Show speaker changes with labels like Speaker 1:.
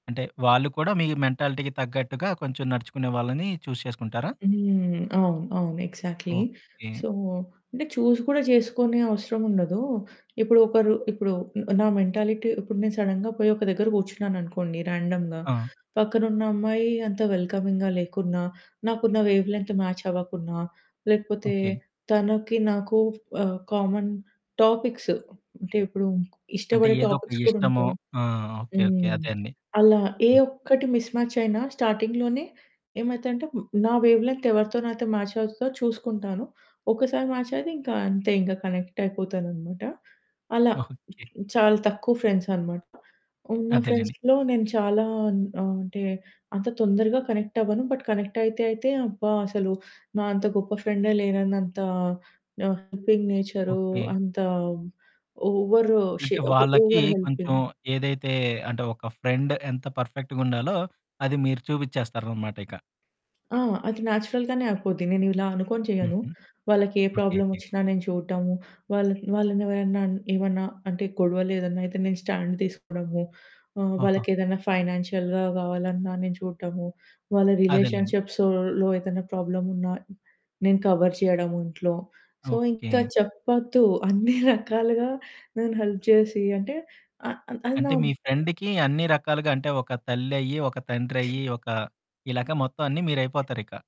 Speaker 1: అంటే, వాళ్ళు కూడా మీ మెంటాలిటీకి తగ్గట్టుగా, కొంచెం నడుచుకునే వాళ్ళని చూజ్ చేసుకుంటారా?
Speaker 2: హ్మ్, అవును. అవును. ఎగ్జాక్ట్‌లీ.
Speaker 1: ఓకె.
Speaker 2: సో, అంటే చూసి కూడా జేసుకునే అవసరముండదు. ఇప్పుడు ఒకరు ఇప్పుడు నా మెంటాలిటీ ఇప్పుడు నేను సడెన్‌గా పోయి ఒక దగ్గర కూర్చున్నాననుకోండి, రాండమ్‌గా.
Speaker 1: ఆ!
Speaker 2: పక్కనున్న అమ్మాయి అంత వెల్కమింగ్‌గా లేకున్నా, నాకున్న వేవ్ లెంత్ మ్యాచ్ అవ్వకున్నా, లేకపోతే
Speaker 1: ఓకె.
Speaker 2: తనకి నాకు ఆహ్, కామన్ టాపిక్స్ అంటే ఇప్పుడు
Speaker 1: అంటే,
Speaker 2: ఇష్టపడే
Speaker 1: ఏదోక
Speaker 2: టాపిక్స్ కూడా
Speaker 1: ఇష్టమో
Speaker 2: ఉంటాయి.
Speaker 1: ఆ! ఓకె ఓకె
Speaker 2: హ్మ్.
Speaker 1: అదే అండి.
Speaker 2: అలా ఏ
Speaker 1: హ్మ్.
Speaker 2: ఒక్కటి మిస్‌మ్యాచ్ అయినా స్టార్టింగ్‌లోనే ఏమైతది అంటే, హ్మ్, నా వేవ్ లెంత్ ఎవరితో నాతో మ్యాచ్ అవుతదో చూసుకుంటాను. ఒక్కసారి మ్యాచ్ అయితే ఇంకా, అంతే ఇంకా కనెక్ట్ అయిపోతాననమాట. అలా
Speaker 1: ఓకె.
Speaker 2: చాలా తక్కువ ఫ్రెండ్స్ అనమాట. ఉన్న
Speaker 1: అదేలెండి.
Speaker 2: ఫ్రెండ్స్‌లో నేను చాలా అన్ ఆహ్, అంటే అంత తొందరగా కనెక్ట్ అవ్వను. బట్ కనెక్ట్ అయితే అయితే, అబ్బా! అసలు నా అంత గొప్ప ఫ్రెండే లేనన్నంత నా హెల్పింగ్ నేచరూ,
Speaker 1: ఓకె.
Speaker 2: అంత ఓవరు షే
Speaker 1: అంటే,
Speaker 2: ఆహ్,
Speaker 1: వాళ్ళకి
Speaker 2: ఓవర్
Speaker 1: కొంచెం
Speaker 2: హెల్పింగ్
Speaker 1: ఏదైతే అంటే ఒక ఫ్రెండ్ ఎంత పర్ఫెక్ట్‌గుండాలో అది మీరు చూబిచ్చేస్తారనమాటిక.
Speaker 2: ఆ! అది నేచురల్‌గానే అయిపోద్ది. నేను ఇలా అనుకోని చేయను.
Speaker 1: హుహు.
Speaker 2: వాళ్ళకే
Speaker 1: ఓకెకె.
Speaker 2: ప్రాబ్లమొచ్చినా నేను చూడటము, వాళ్ళన్ వాళ్ళని ఎవరన్నా, అన్ ఏమన్నా అంటే గొడవలేదన్నా అయితే, నేను స్టాండ్ తీసుకోడము, ఆహ్,
Speaker 1: ఓహో!
Speaker 2: వాళ్ళకేదన్నా ఫైనాన్షియల్‌గా గావాలన్నా నేను చూడటము, వాళ్ళ
Speaker 1: అదేలేండి.
Speaker 2: రిలేషన్షిప్స్‌లో ఏదైనా ప్రాబ్లమున్నా, నేను కవర్ చేయడము ఇంట్లో. సో, ఇంకా
Speaker 1: ఓకె.
Speaker 2: చెప్పొద్దు అన్ని రకాలుగా నేను హెల్ప్ జేసి అంటే అహ్ అది
Speaker 1: అంటే
Speaker 2: నా
Speaker 1: మీ
Speaker 2: ఆహ్
Speaker 1: ఫ్రెండ్‌కి అన్ని రకాలుగా, అంటే ఒక తల్లయ్యి, ఒక తండ్రయ్యి, ఒక ఇలాగా మొత్తం అన్ని మీరయిపోతారిక.